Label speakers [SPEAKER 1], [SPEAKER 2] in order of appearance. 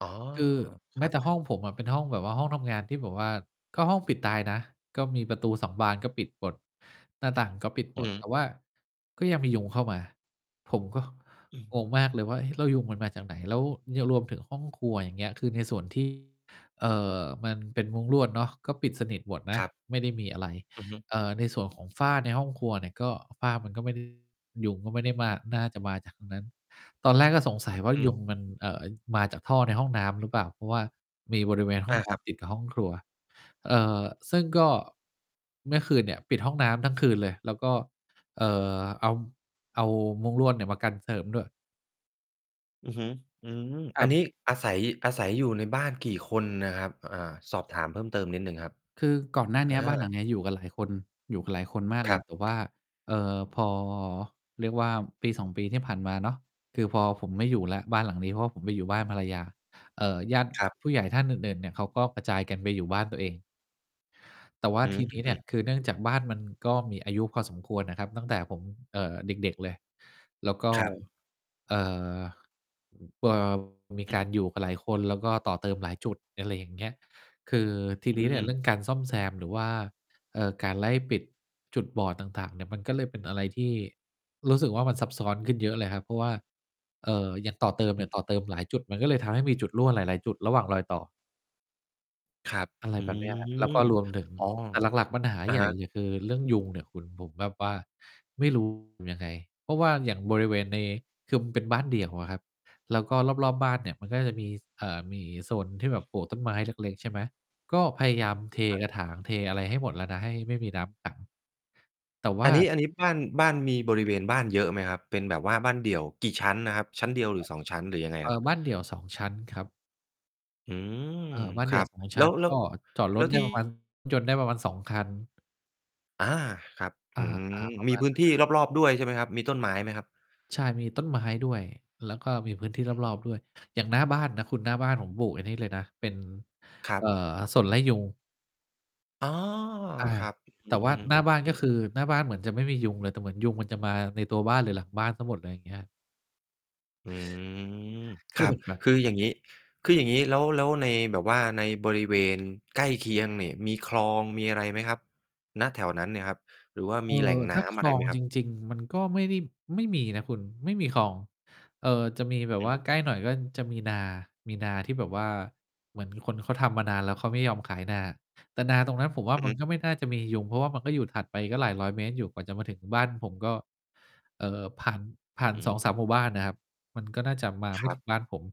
[SPEAKER 1] อ๋อ
[SPEAKER 2] คือแ
[SPEAKER 1] ค
[SPEAKER 2] ม
[SPEAKER 1] ร
[SPEAKER 2] ้
[SPEAKER 1] ั
[SPEAKER 2] แ
[SPEAKER 1] บ
[SPEAKER 2] ต่ห้องผมอะเป็นห้องแบบว่า ห้องทำงานที่แบบว่า ก็ห้องปิดตายนะ ก็มีประตู 2 บานก็ปิดหมด หน้าต่างก็ปิดห
[SPEAKER 1] อ
[SPEAKER 2] ม
[SPEAKER 1] ือ
[SPEAKER 2] ด
[SPEAKER 1] ฮ
[SPEAKER 2] แต
[SPEAKER 1] ึ
[SPEAKER 2] ่ว่าก็ยังมียุงเข้ามา ผมก็
[SPEAKER 1] อืม
[SPEAKER 2] งงมากเลยว่า เอ๊ แล้วยุงมันมาจากไหน? แล้วยังรวมถึงห้องครัว อย่างเงี้ย คือในส่วน ที่ เอ่อ มันเป็นมุ้งลวดเนาะ ก็ปิดสนิทหมดน
[SPEAKER 1] ค
[SPEAKER 2] ะ
[SPEAKER 1] รับ
[SPEAKER 2] ไม่ได้มีอะไร
[SPEAKER 1] อือฮึ
[SPEAKER 2] เอ่อ ในส่วนของฝ้าในห้องครัวเนี่ยก็ ฝ้ามันก็ไม่ ได้ ยุงก็ไม่ได้ม่า น่าจะมาจากตรงนั้น ตอนแรกก็สงสัยว่า
[SPEAKER 1] ฮึ
[SPEAKER 2] ยุงมัน เอ่อ มาจากท่อในห้องน้ำหรือเปล่า? เพราะว่ามีบริเวณห้
[SPEAKER 1] อ
[SPEAKER 2] อง
[SPEAKER 1] า
[SPEAKER 2] น้
[SPEAKER 1] ครับ
[SPEAKER 2] ำ ติดกับห้องครัว เอ่อ ซึ่งก็ เมื่อคืนเนี่ยปิดห้องน้ำทั้งคืนเลย แล้วก็ เอ่อ เอา เอามุ้งลวดเนี่ยมากันเสริมด้วย
[SPEAKER 1] อือฮึ อืม
[SPEAKER 2] ค
[SPEAKER 1] อ
[SPEAKER 2] ร
[SPEAKER 1] ันน
[SPEAKER 2] ับ
[SPEAKER 1] ี้อาศัย อาศัยอยู่ในบ้านกี่คนน่ะครับ? อ่า สอบถามเพิ่มเติมนิดหนึ่งครับ
[SPEAKER 2] คือก่อนหน้า
[SPEAKER 1] อ
[SPEAKER 2] เนี้ย บ้านหลั
[SPEAKER 1] า
[SPEAKER 2] งเนี้ยอยู่กันหลายคน อยู่กันหลายคนมาก
[SPEAKER 1] ค
[SPEAKER 2] เล
[SPEAKER 1] รั
[SPEAKER 2] ย
[SPEAKER 1] บ
[SPEAKER 2] แต่ว่า เอ่อ พอ เรียกว่า 1-2 ปีที่ผ่านมาเนาะ คือพอผมไม่อยู่แล้วบ้านหลังนี้ เพราะว่าผมไปอยู่บ้านภรรยา เอ่อ ญาติ
[SPEAKER 1] ครับ
[SPEAKER 2] ผู้ใหญ่ท่านอื่น ๆ เนี่ยเขาก็กระจายกันไปอยู่บ้านตัวเอง แต่ว่า
[SPEAKER 1] อื้
[SPEAKER 2] ท
[SPEAKER 1] อ
[SPEAKER 2] ีนี้เ
[SPEAKER 1] ฮ
[SPEAKER 2] นี
[SPEAKER 1] ื
[SPEAKER 2] ่
[SPEAKER 1] อ
[SPEAKER 2] ย คือเนื่องจากบ้านมันก็มีอายุพอสมควรน่ะครับ ตั้งแต่ผม เอ่อ เด็ก ๆ เลย แล้วก็
[SPEAKER 1] ครับ
[SPEAKER 2] เอ่อ ป่าว มี
[SPEAKER 1] อื
[SPEAKER 2] กา
[SPEAKER 1] อ
[SPEAKER 2] รอยู่กับหลายคน แล้วก็ต่อเติมหลายจุด อะไรอย่างเงี้ย คือทีน
[SPEAKER 1] อ
[SPEAKER 2] ี้เนี่ย
[SPEAKER 1] ือ
[SPEAKER 2] เรื่องการซ่อมแซม หรือว่า เอ่อ การไล่ปิดจุดบอดต่าง ๆ เนี่ยมันก็เลยเป็นอะไรที่รู้สึกว่า มันซับซ้อนขึ้นเยอะเลยครับ เพราะว่า เอ่อ อย่างต่อเติมเนี่ย
[SPEAKER 1] อื
[SPEAKER 2] ต่
[SPEAKER 1] อ
[SPEAKER 2] อเติมหลายจุด มันก็เลยทำให้มีจุดรั่วหลาย ๆ จุดระหว่างรอยต่อ
[SPEAKER 1] ครับ
[SPEAKER 2] อะไร
[SPEAKER 1] อื
[SPEAKER 2] แบบเนี้ยครับ แล้วก็
[SPEAKER 1] ม
[SPEAKER 2] รวมถึง
[SPEAKER 1] อ้อ
[SPEAKER 2] แต่หลัก ๆ ปัญหา
[SPEAKER 1] อะ
[SPEAKER 2] ใหญ
[SPEAKER 1] ฮ
[SPEAKER 2] ่
[SPEAKER 1] ะ
[SPEAKER 2] เนี่ย คือเรื่องยุงเนี่ยคุณ ผมแบบว่าไม่ รู้ อยู่ยังไง เพราะว่าอย่างบริเวณใน คือมันเป็นบ้านเดี่ยวอะครับ แล้วก็รอบ ๆ บ้านเนี่ยมันก็จะมี เอ่อ มีโซนที่แบบปลูกต้นไม้เล็ก ๆ ใช่ไหม ก็พยายามเท
[SPEAKER 1] ครับ
[SPEAKER 2] กระถางเทอะไรให้หมดแล้วนะ ให้ไม่มีน้ำขัง แต่ว่
[SPEAKER 1] อั
[SPEAKER 2] า
[SPEAKER 1] นนี้ อันนี้บ้าน บ้าน มีบริเวณบ้านเยอะไหมครับ? เป็นแบบว่าบ้านเดี่ยว กี่ชั้นนะครับ? ชั้นเดียวหรือ 2 ชั้น หรือยังไง
[SPEAKER 2] เอ
[SPEAKER 1] คร
[SPEAKER 2] ่
[SPEAKER 1] ับ?
[SPEAKER 2] อ บ้านเดี่ยว 2 ชั้นครับ
[SPEAKER 1] อืม
[SPEAKER 2] เอ่อ บ้านเ
[SPEAKER 1] ค
[SPEAKER 2] ดี
[SPEAKER 1] ร
[SPEAKER 2] ่
[SPEAKER 1] ั
[SPEAKER 2] ยว
[SPEAKER 1] บ
[SPEAKER 2] 2 ช
[SPEAKER 1] แล
[SPEAKER 2] ั
[SPEAKER 1] ้
[SPEAKER 2] ้น
[SPEAKER 1] ว แล้
[SPEAKER 2] ก
[SPEAKER 1] ว
[SPEAKER 2] ็จอดร
[SPEAKER 1] แล้
[SPEAKER 2] ถ
[SPEAKER 1] ว
[SPEAKER 2] ได้
[SPEAKER 1] ที่
[SPEAKER 2] ประมาณ รถยนต์ ได้ประมาณ 2 คัน
[SPEAKER 1] อา ครับ
[SPEAKER 2] อ
[SPEAKER 1] อื
[SPEAKER 2] า
[SPEAKER 1] ม
[SPEAKER 2] ๆ ประ
[SPEAKER 1] ม
[SPEAKER 2] ม
[SPEAKER 1] ี
[SPEAKER 2] าณ
[SPEAKER 1] พื้
[SPEAKER 2] น
[SPEAKER 1] น
[SPEAKER 2] ั้น
[SPEAKER 1] ที
[SPEAKER 2] แ
[SPEAKER 1] ่
[SPEAKER 2] หละ
[SPEAKER 1] รอบ ๆ ด้วยใช่ไหมครับ? มีต้นไม้ไหมครับ?
[SPEAKER 2] ใช่ มีต้นไม้ด้วย แล้วก็มีพื้นที่รอบ ๆ ด้วย อย่างหน้าบ้านนะคุณ หน้าบ้านผมปลูกไอ้นี่เลยนะ เป็น
[SPEAKER 1] คร
[SPEAKER 2] เ
[SPEAKER 1] ั
[SPEAKER 2] อ่
[SPEAKER 1] บ
[SPEAKER 2] อ สนไล่ยุง
[SPEAKER 1] อ๋อ!
[SPEAKER 2] อา
[SPEAKER 1] ครับ
[SPEAKER 2] แต่ว่
[SPEAKER 1] อือฮึ อื
[SPEAKER 2] า
[SPEAKER 1] อฮึ
[SPEAKER 2] หน้าบ้าน
[SPEAKER 1] อื
[SPEAKER 2] ก็
[SPEAKER 1] อ
[SPEAKER 2] คือ หน้าบ้านเหมือนจะไม่มียุงเลย แต่เหมือนยุงมันจะมาในตัวบ้าน หรือหลังบ้านเสียหมด ไรเงี้ย
[SPEAKER 1] อื้อฮือ
[SPEAKER 2] ก
[SPEAKER 1] ค
[SPEAKER 2] ็
[SPEAKER 1] รั
[SPEAKER 2] เล
[SPEAKER 1] บ
[SPEAKER 2] ยแบบ
[SPEAKER 1] คืออย่างงี้ คืออย่างงี้แล้ว แล้วในแบบว่า ในบริเวณใกล้เคียงเนี่ย มีคลองมีอะไรไหมครับ? ณ แถวนั้นเนี่ยครับ หรือว่า
[SPEAKER 2] เอ
[SPEAKER 1] มี
[SPEAKER 2] ่
[SPEAKER 1] แหล่
[SPEAKER 2] อ
[SPEAKER 1] งน
[SPEAKER 2] ถ
[SPEAKER 1] ้
[SPEAKER 2] ้า
[SPEAKER 1] ำ
[SPEAKER 2] ค
[SPEAKER 1] อะ
[SPEAKER 2] ล
[SPEAKER 1] ไร
[SPEAKER 2] อ
[SPEAKER 1] ไหม
[SPEAKER 2] ง
[SPEAKER 1] คร
[SPEAKER 2] จ
[SPEAKER 1] ับ?
[SPEAKER 2] ริง ๆ มันก็ไม่ได้ ไม่มีนะคุณ ไม่มีคลอง เออ จะมีแบบ
[SPEAKER 1] อื
[SPEAKER 2] ว่า
[SPEAKER 1] อ
[SPEAKER 2] ใกล้หน่อยก็จะมีนา มีนาที่แบบว่า เหมือนคนเขาทำมานานแล้ว เขาไม่ยอมขายนา แต่นาตรงนั้นผมว่า
[SPEAKER 1] อือ
[SPEAKER 2] มั
[SPEAKER 1] ฮ
[SPEAKER 2] น
[SPEAKER 1] ึ
[SPEAKER 2] ก็ไม่น่าจะมียุง เพราะว่ามันก็อยู่ถัดไปก็หลายร้อยเมตรอยู่ กว่าจะมาถึงบ้านผมก็ เอ่อ ผ่าน ผ่า
[SPEAKER 1] อ
[SPEAKER 2] น
[SPEAKER 1] ื
[SPEAKER 2] สอง
[SPEAKER 1] ม
[SPEAKER 2] สาม หมู่บ้านน่ะครับ มันก็น่าจะมาไ
[SPEAKER 1] ค
[SPEAKER 2] ม่
[SPEAKER 1] รั
[SPEAKER 2] ถึ
[SPEAKER 1] บ
[SPEAKER 2] งบ้านผม